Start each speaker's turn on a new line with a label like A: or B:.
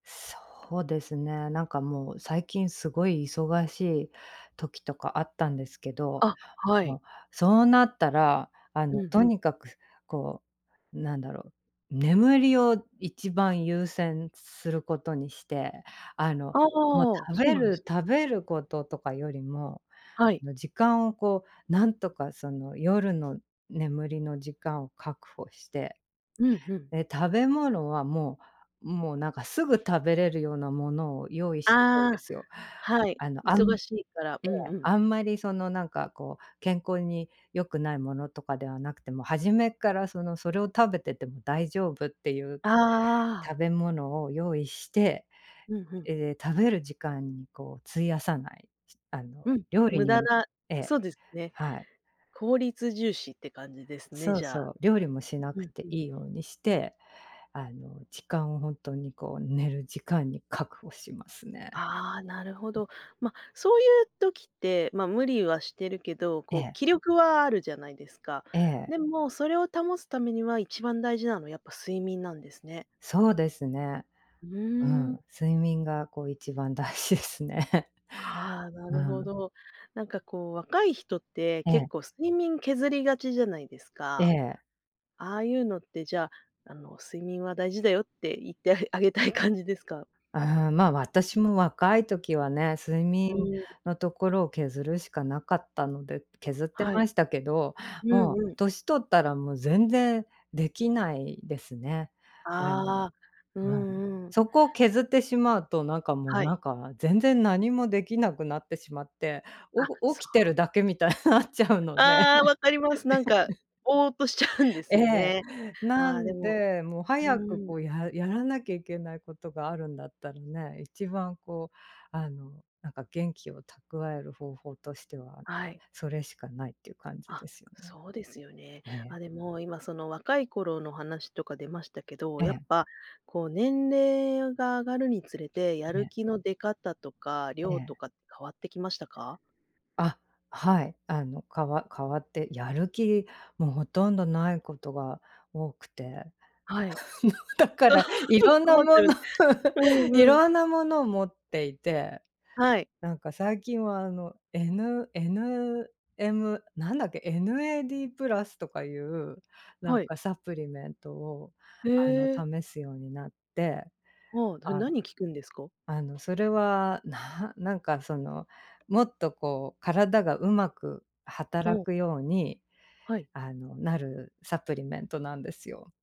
A: そうですね、なんか、もう最近、凄い忙しい時とかあったんですけど。
B: あ、はい。
A: もう、そうなったら、あ
B: うん
A: の、兎
B: うん。
A: に角、こう、何だろう、眠りを一番優先する事にして、あの、
B: ああ、
A: もう食
B: そう
A: べ
B: なんです
A: る食べる事とかよりも、
B: はい。
A: あの、時間をこう何とか、その、夜の眠りの時間を確保して。
B: うんうん。
A: で、食べ物はもう、もう、なんか直ぐ食べれるような物を用意しとくん
B: あ
A: で
B: あ、
A: すよ、
B: はい、
A: あの、あん
B: 忙しいから、う
A: え
B: んう
A: え、
B: ん。
A: あんまりその、なんかこう、健康に良くない物とかではなくて、もう初めっから、その、それを食べてても大丈夫って言う
B: ああ。
A: 食べ物を用意して、
B: うん、ふん。
A: え、食べる時間にこう、費やさない、しあの、
B: うん、
A: 料理
B: 無
A: に
B: 駄
A: も
B: な
A: ええ、
B: そうですね、
A: はい。
B: 効率重視って感じですね、
A: そう
B: じゃ
A: そ
B: あ。
A: う、料理もしな
B: うん
A: くて
B: う
A: 良
B: ん。
A: いようにして、あの、時間をほんとにこう、寝る時間に確保しますね。
B: ああ、なるほど。ま、そう言う時って、ま、無理はしてるけど、
A: え
B: こう、
A: え。
B: 気力はあるじゃないですか。
A: ええ。
B: でも、それを保つ為には、一番大事なのは、やっぱ睡眠なんですね。
A: そうですね。
B: う
A: う
B: ーん。
A: ん、睡眠がこう一番大事ですね。
B: ああ、な
A: う
B: るほ
A: ん。
B: ど、なんかこう、若い人って、
A: え
B: 結
A: え。
B: 構、睡眠削りがちじゃないです
A: え
B: か。
A: え。
B: ああ言うのって、じゃあ、あの、睡眠は大事だよって、言ってああげたい感じですか？
A: うーん、ま、私も、若い時はね、睡眠
B: うーん。
A: のところを削るしかなかったので、削って
B: はい、
A: ましたけど、
B: う
A: もう
B: んうん。
A: 歳取ったら、もう全然出来ないですね。あの
B: ああ、う
A: うん、
B: んうん。
A: そこを削ってしまうと、なんかもう、
B: はい。
A: なんか全然何もできなくなってしまって、
B: あ、
A: お
B: そ
A: 起きて
B: う。
A: るだけみたいになっちゃうので。
B: ああ、分かります。なんか、ぼーっとしちゃうんで
A: え
B: すよ
A: え、
B: ね、
A: な
B: ああ、で
A: ん
B: も
A: で、もう
B: う
A: 早く
B: ん。
A: こう、やらやらなきゃ行けない事があるんだったらね、一番こう、あの、なんか、元気を蓄える方法としては、
B: はい。
A: それしかないって言う感じ
B: あ、
A: ですよね。
B: そうですよね。
A: ええ。
B: あ、でも、今、その若い頃の話とか出ましたけど、
A: え
B: やっ
A: え。
B: ぱ、こう、年齢が上がるにつれて、やる
A: ね。
B: 気の出方とか、
A: え
B: 量と
A: え。
B: か変わって来ましたか？
A: あ、はい。あの、かわ変わって、やる気、もう、殆どない事が多くて、も
B: はい、
A: うだからい ろんな
B: 困って
A: 物
B: る、う
A: い
B: んうん。
A: ろんな物を持っていて。
B: はい。
A: なんか最近は、あの、エヌエヌエム、何だっけ、NAD+とか言う、なん
B: はい。
A: かサプリメントを、
B: へ
A: あの、
B: え。
A: 試すようになって。
B: ああ、それ
A: あ
B: 何に効くんですか？
A: あの、それは、ななんか、その、もっとこう、体が上手く
B: ほ
A: 働
B: う。
A: くように、
B: はい。
A: あの、なるサプリメントなんですよ。